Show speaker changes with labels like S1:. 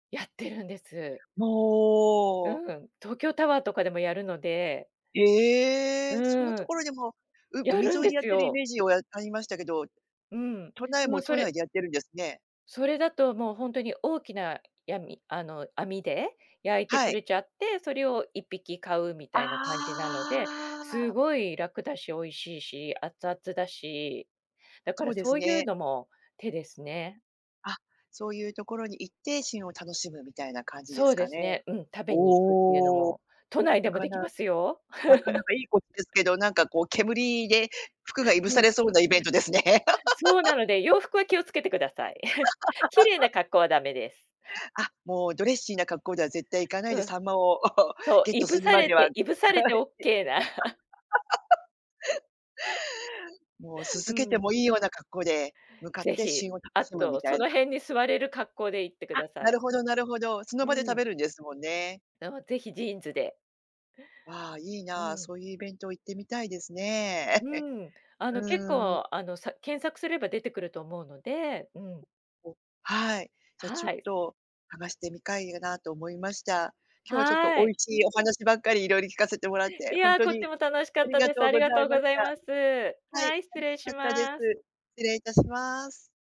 S1: やってるんです。う
S2: もう。
S1: ん、東京タワーとかでもやるので。う
S2: ええ、そんな
S1: ーん。
S2: 所でも、う
S1: や
S2: 海
S1: るん
S2: 沿い
S1: で
S2: でやっ
S1: す
S2: てるイ
S1: よ。
S2: メージを、あ、ありましたけど、
S1: うん、
S2: 都内
S1: でも
S2: も
S1: そ
S2: 都
S1: れ
S2: 内でやってるんですね。
S1: それだと、もうほんとに大きな、やみあの、網で焼いて
S2: は
S1: く
S2: い。
S1: れちゃって、それを1匹買うみたいな感じなので、
S2: ああ。
S1: 凄い楽だし、美味しいし、熱々だし。だか
S2: そ
S1: ら、
S2: うで
S1: そ
S2: す
S1: ういう
S2: ね。
S1: のも手ですね。
S2: あ、そういう所に行って、旬を楽しむみたいな感じで
S1: そ
S2: す
S1: うで
S2: か
S1: す
S2: ね？
S1: ね、うん、食べに行くっていうの
S2: おお。
S1: も、都内で
S2: な
S1: も
S2: か
S1: 出
S2: な
S1: 来ま
S2: か
S1: すよ。
S2: なかなか良いこですけど、なんか こう、煙で服が燻
S1: う
S2: さ
S1: ん。
S2: れそうなイベントですね。
S1: そう、な ので、洋服は気を付けて下さい。綺麗な 格好は駄目です。
S2: あ、もうドレッシーな格好では絶対行かない
S1: う
S2: で、秋
S1: ん。
S2: 刀魚を、
S1: そ
S2: ゲ
S1: う、
S2: ット
S1: 燻
S2: する
S1: さ
S2: ま
S1: れ
S2: でははい。
S1: て
S2: [unintelligible]
S1: 燻されてオッケーな。
S2: もう煤
S1: う
S2: けて
S1: ん。
S2: もいいような格好で向かっ
S1: 是
S2: て、
S1: 非、
S2: 旬を楽
S1: あ
S2: しむ
S1: と、
S2: みた
S1: そ
S2: い
S1: の
S2: な。
S1: 辺に座れる格好で行って
S2: あ、
S1: 下さ
S2: な
S1: い。
S2: るほどなるほど、その
S1: う
S2: 場で食
S1: ん。
S2: べるんですもんね。
S1: でも、是非ジーンズで。
S2: わ、いい
S1: う
S2: な、
S1: ーん。
S2: そういうイベントを行ってみたいです
S1: う
S2: ね。
S1: ーん。あの、結
S2: うーん。
S1: 構、あの、さ検索すれば出てくると思うので、うん。
S2: うお、はい、じゃちょ
S1: は
S2: っ
S1: い。
S2: と、探してみかいなと思いました。今日はちょっと
S1: は
S2: 美
S1: い。
S2: 味しいお話ばっかり、色々聞かせてもらっ
S1: い
S2: て、ほん
S1: や、
S2: と
S1: こっち
S2: に
S1: も楽しか
S2: あ
S1: っ
S2: り
S1: た
S2: が
S1: です。
S2: とう
S1: あり
S2: ござ
S1: がと
S2: い
S1: う
S2: ま
S1: ご
S2: し
S1: ざい
S2: た。
S1: ます。
S2: は
S1: は
S2: い、
S1: い、失
S2: 楽
S1: 礼
S2: し
S1: し
S2: かったです。
S1: ます。
S2: 失礼いたします。